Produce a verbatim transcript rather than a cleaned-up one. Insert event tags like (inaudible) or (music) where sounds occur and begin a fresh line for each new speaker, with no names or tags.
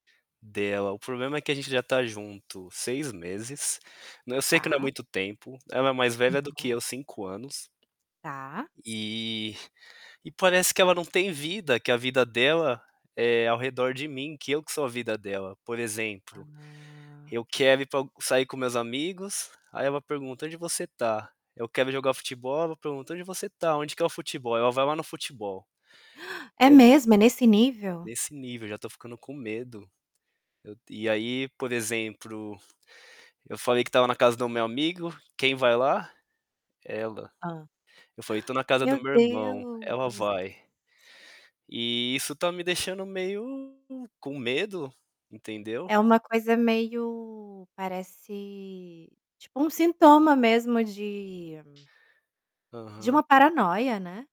Dela, o problema é que a gente já tá junto seis meses, né, eu sei que não é
Tá.
muito tempo, ela é mais velha do que
Tá.
eu cinco anos
Tá.
e e parece que ela não tem vida, que a vida dela é ao redor de mim, que eu que sou a vida dela, por exemplo,
Ah.
eu quero ir pa sair com meus amigos, aí ela pergunta: "Onde você tá?", eu quero jogar futebol? Ela pergunta: "Aonde você tá? Onde que é o futebol?", aí ela vai lá no futebol.
(gasps) É
Eu
mesmo, é nesse nível?
Nesse nível, já tô ficando com medo. Eu e aí por exemplo, eu falei que estava na casa do meu amigo, quem vai lá? Ela.
Hã? (gasps)
Eu falei tô na casa
Meu
do meu irmão, ela
Deus.
vai, e isso tá me deixando meio com medo, entendeu?
É uma coisa meio, parece, tipo uma sintoma mesmo de de uma
Aham.
paranoia, né?